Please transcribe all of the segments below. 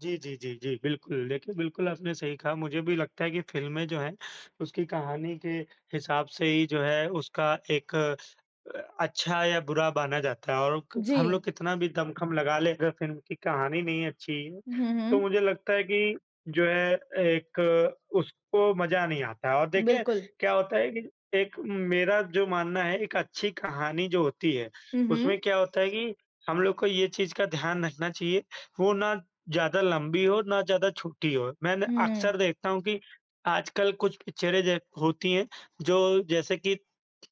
जी, जी, जी, जी। बिल्कुल, देखिए बिल्कुल आपने सही कहा, मुझे भी लगता है कि फ़िल्में जो हैं, उसकी कहानी के हिसाब से ही जो है उसका एक अ, अच्छा या बुरा बाना जाता है और क हम जी। लोग कितना भी दमखम लगा लें अगर फ़िल्म की कहानी नहीं अच्छी है, हुँ, तो हुँ। मुझे लगता है कि जो है एक उसको मज़ा नहीं आता है। और देखें बिल्कुल। क्या होता है कि एक मेरा जो मानना है, एक अच्छी कहानी जो होती है, हुँ, उसमें हुँ। क्या होता है कि हम लोग को ये चीज़ का ध्यान रखना चाहिए, वो ना ज़्यादा लंबी हो, ना ज़्यादा छोटी हो। मैंने हुँ। अक्सर देखता हूँ कि आजकल कुछ पिक्चरें ज होती हैं, जो जैसे कि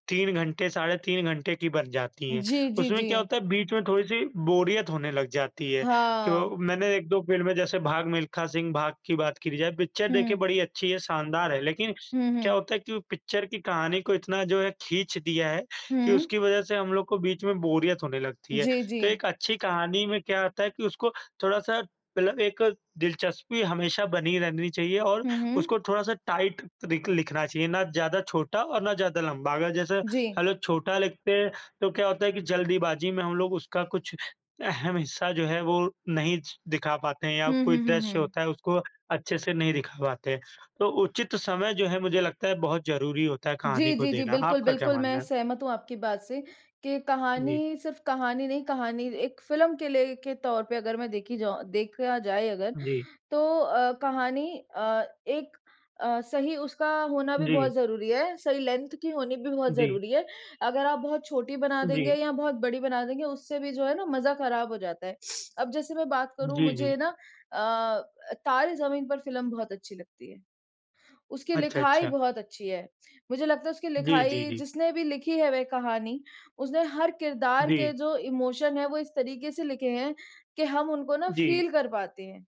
3 घंटे, साढ़े 3 घंटे की बन जाती हैं। जी, जी, उसमें क्या जी। होता है, बीच में थोड़ी-सी बोरियत होने लग जाती है कि वो हाँ। मैंने 1-2 फ़िल्में जैसे भाग मिल्खा सिंह भाग की बात करी जाए, पिक्चर देखिए हुँ। बड़ी अच्छी है, शानदार है, लेकिन हुँ, क्या हुँ। होता है कि वो पिक्चर की कहानी को इतना जो है खींच दिया है कि हुँ। उसकी वज़ह से हम लोग को बीच में बोरियत होने लगती है। जी, तो जी। एक अच्छी कहानी में क्या होता है कि उसको थोड़ा-सा मतलब एक दिलचस्पी हमेशा बनी रहनी चाहिए और हुँ, हुँ। उसको थोड़ा-सा टाइट रिक लिखना चाहिए, ना ज़्यादा छोटा और ना ज़्यादा लंबा। अगर जैसे जी। अगर छोटा लिखते हैं तो क्या होता है कि जल्दीबाजी में हम लोग उसका कुछ अहम हिस्सा जो है वो नहीं दिखा पाते हैं या हुँ, कोई हुँ, हुँ, दृश्य हुँ। होता है उसको अच्छे से नहीं दिखा पाते हैं, तो उचित समय जो है मुझे लगता है बहुत ज़रूरी होता है कहानी जी, को जी, जी। देना। बिल्कुल, आपका क्या बिल्कुल, मानना मैं है? सहमत हूँ आपकी बात से कि जी। कहानी सिर्फ़ कहानी नहीं, कहानी एक फ़िल्म के लिए के तौर पे अगर मैं देखी जाऊँ देखा जाए अगर, जी। तो अ, कहानी अ, एक अ, सही उसका होना भी जी। बहुत ज़रूरी है, सही लेंथ की होनी भी बहुत जी। ज़रूरी है। अगर आप बहुत छोटी बना देंगे जी। या बहुत बड़ी बना देंगे, उससे भी जो है ना मजा खराब हो जाता है। अब जैसे मैं बात उ, करूँ जी, जी। मुझे ना अ अ, तारे ज़मीन पर फ़िल्म बहुत अच्छी लगती है। उसकी अच्छा, लिखाई अच्छा। बहुत अच्छी है, मुझे लगता है उसकी जी, जी, लिखाई जी। जिसने भी लिखी है वह कहानी, उसने हर किरदार के जी। जो इमोशन हैं वो इस तरीके से लिखे हैं कि हम उनको ना जी। फ़ील कर पाते हैं।